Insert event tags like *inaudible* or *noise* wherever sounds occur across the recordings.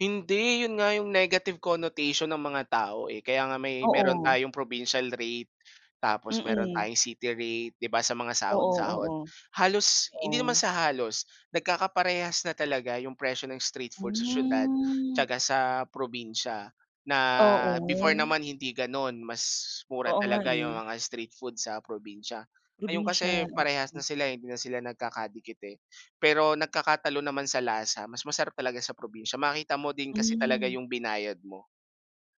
Hindi, yun nga yung negative connotation ng mga tao, eh, kaya nga may meron Oo. tayong provincial rate, tapos meron Mm. tayong city rate, 'di ba sa mga Oo, sahod-sahod. oo. Halos hindi naman Oo. sa halos nagkakaparehas na talaga yung presyo ng street food sa siyudad Mm. tiyaka sa, probinsya na before Oo. naman hindi gano'n, mas mura Oo nga, talaga yung eh. mga street food sa probinsya. Ngayon kasi Probinsiya. parehas na Mm. sila hindi na sila nagkakadikit, eh, pero nagkakatalo naman sa lasa. Mas masarap talaga sa probinsya, makita mo din kasi talaga Mm. yung binayad mo.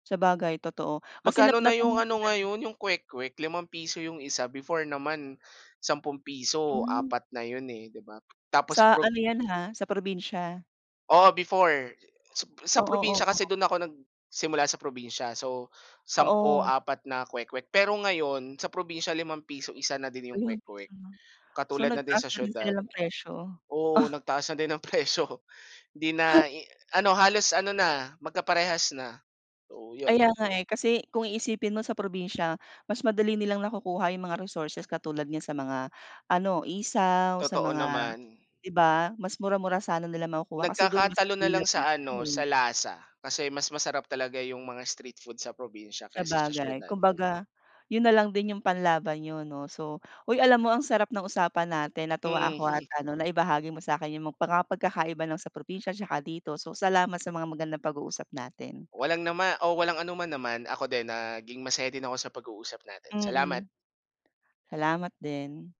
Sabagay, totoo, kasi Magkano nap na natanong yung ko ano 'yan. ngayon, yung kwek-kwek, ₱5 yung isa, before naman ₱10, Mm. apat na yun, eh, 'di ba? Tapos Sa pag ano 'yan, ha, sa probinsya. Oo before, sap sa Oo, probinsya kasi oo. do'n ako nagsimula sa probinsya, so, sampu Oo. apat na kwek-wek. Pero ngayon sa probinsiya ₱5 isa na din 'yong Ayun, kwek-kwek, so so katulad na din nagtaas sa na rin sila siyudad. ng presyo. Oo, *chuckles* nagtaas na din ng presyo hindi na *chuckles* i ano halos ano na magkaparehas na, oo 'yon. Kaya nga, eh, kasi kung iisipin mo sa probinsya, mas madali nilang nakukuha yung mga resources katulad niyan sa mga ano isaw, sa Totoo mga naman. 'di ba, mas mura-mura sana nila makukuha kasi do'n mas Nagkakatalo na lang available sa siya, ano, sa eh. lasa. Kasi, mas masarap talaga yung mga street food sa probinsya kaysa sa Sabagay. siyudad. Kumbaga yun na lang din yung panlaban niyo 'no, so uy, alam mo ang sarap ng usapan natin natuwa ako at, Mm. *laughs* ano na ibahagi mo sa 'kin yung mga pagkakaiba ng sa probinsya 'tsaka dito. So, salamat sa mga magandang pag-uusap natin. Walang nama o walang anoman naman, ako din naging masaya din ako sa pag-uusap natin. Salamat. Mm. Salamat din.